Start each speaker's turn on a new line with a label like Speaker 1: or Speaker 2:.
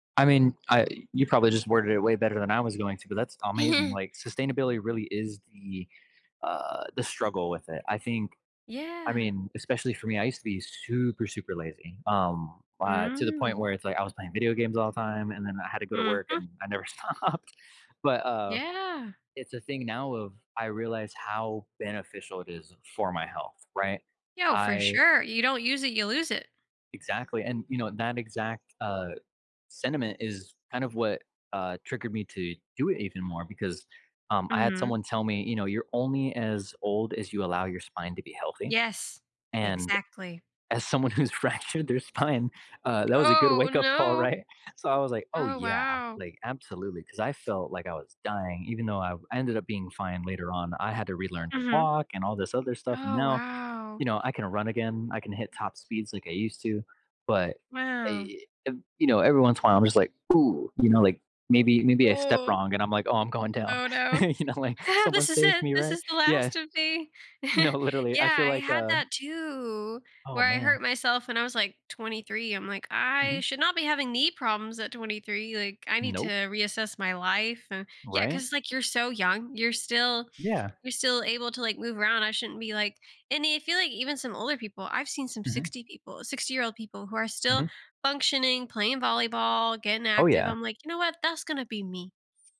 Speaker 1: I mean, I You probably just worded it way better than I was going to, that's amazing, like, sustainability really is the, uh the struggle with it. I think I
Speaker 2: Yeah.
Speaker 1: mean, especially for me, I used to be super, super lazy, um, uh, to the point
Speaker 2: Mm.
Speaker 1: where it's like I was playing video games all the time, and then I had to go to work,
Speaker 2: Mhm.
Speaker 1: and I never stopped. But, uh,
Speaker 2: Yeah.
Speaker 1: it's a thing now of, I realize how beneficial it is for my health, right?
Speaker 2: Yo, for
Speaker 1: I
Speaker 2: sure. You don't use it, you lose it.
Speaker 1: Exactly and, you know, that exact, uh, sentiment is kind of what, uh, triggered me to do it even more, because, um, I had
Speaker 2: Mhm.
Speaker 1: someone tell me, you know, "You're only as old as you allow your spine to be healthy."
Speaker 2: Yes.
Speaker 1: and
Speaker 2: Exactly.
Speaker 1: as someone who's fractured their spine, uh, that was a good
Speaker 2: Oh,
Speaker 1: wake up call,
Speaker 2: no.
Speaker 1: right? So, I was like, "Oh,
Speaker 2: Oh,
Speaker 1: yeah.
Speaker 2: wow.
Speaker 1: Like, absolutely." 'cause, I felt like I was dying, even though I ended up being fine later on, I had to relearn to
Speaker 2: Mhm.
Speaker 1: walk and all this other stuff, and
Speaker 2: Oh,
Speaker 1: now,
Speaker 2: wow.
Speaker 1: you know, I can run again, I can hit top speeds like I used to, but,
Speaker 2: Wow.
Speaker 1: a ev you know, every once in while, I'm just like, "Ooh" you know, like, "Maybe Maybe I stepped
Speaker 2: Ooh.
Speaker 1: wrong," and I'm like, "Oh, I'm going down."
Speaker 2: Oh no.
Speaker 1: You know, like, "Someone
Speaker 2: "This is
Speaker 1: save
Speaker 2: it,
Speaker 1: me."
Speaker 2: this
Speaker 1: right?
Speaker 2: is the
Speaker 1: Yeah.
Speaker 2: last of me."
Speaker 1: No, literally. I
Speaker 2: Yeah,
Speaker 1: feel
Speaker 2: I
Speaker 1: like,
Speaker 2: had
Speaker 1: uh
Speaker 2: that too,
Speaker 1: Oh,
Speaker 2: where I
Speaker 1: man.
Speaker 2: hurt myself when I was, like, 23. I'm like, "I
Speaker 1: Mhm.
Speaker 2: should not be having knee problems at 23. Like, I need to
Speaker 1: Nope.
Speaker 2: reassess my life and" Yeah,
Speaker 1: Right?
Speaker 2: 'cause, like, you're so young, you're still
Speaker 1: Yeah.
Speaker 2: you're still able to, like, move around, "I shouldn't be like" And i I feel like even some older people, I've seen some
Speaker 1: Mhm.
Speaker 2: 60 people sixty-year-old people who are still
Speaker 1: Mhm.
Speaker 2: functioning, playing volleyball, getting
Speaker 1: Oh,
Speaker 2: active,
Speaker 1: yeah.
Speaker 2: I'm like, "You know what? That's gonna be me."